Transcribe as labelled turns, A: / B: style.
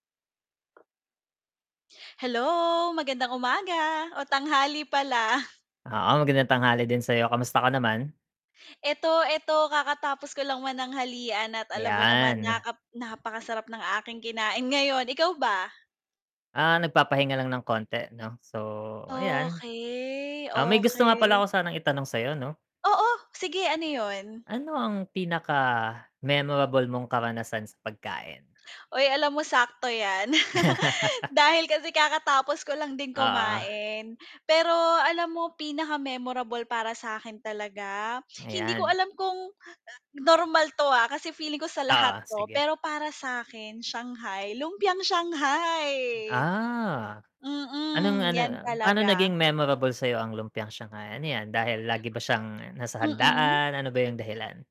A: Hello, magandang umaga, o tanghali pala.
B: Oo, maganda tanghali din sa'yo, kamusta ka naman?
A: 'Eto, 'eto kakatapos ko lang mananghalian at alam mo naman
B: 'Yan.
A: nakap napakasarap ng aking kinain ngayon, ikaw ba?
B: Ah, nagpapahinga lang ng konti, 'no, so, ayan.
A: Okey,
B: Ah, may gusto nga pala
A: okey.
B: ko sanang i-tanong sa'yo, 'no?
A: Oo, sige, ano 'yon?
B: Ano ang pinaka-memorable mong karanasan sa pagkain?
A: Uy, alam mo sakto 'yan. Dahil kasi kakatapos ko lang din
B: Oo.
A: kumain, pero alam mo pinaka-memorable para sa'kin talaga, hindi ko
B: Ayan.
A: alam kung, ah, normal 'to, ah, kasi feeling ko sa lahat
B: Oo,
A: 'to,
B: sige.
A: pero para sa'kin shanghai, lumpiang
B: Hmm,
A: shanghai.
B: ah. Anong
A: Mm,
B: ano,
A: 'yan
B: ah, paano
A: talaga.
B: naging memorable sa'yo ang lumpiang shanghai? Ano 'yan, dahil lagi ba siyang nasa
A: Mm?
B: handaan; ano ba yung dahilan?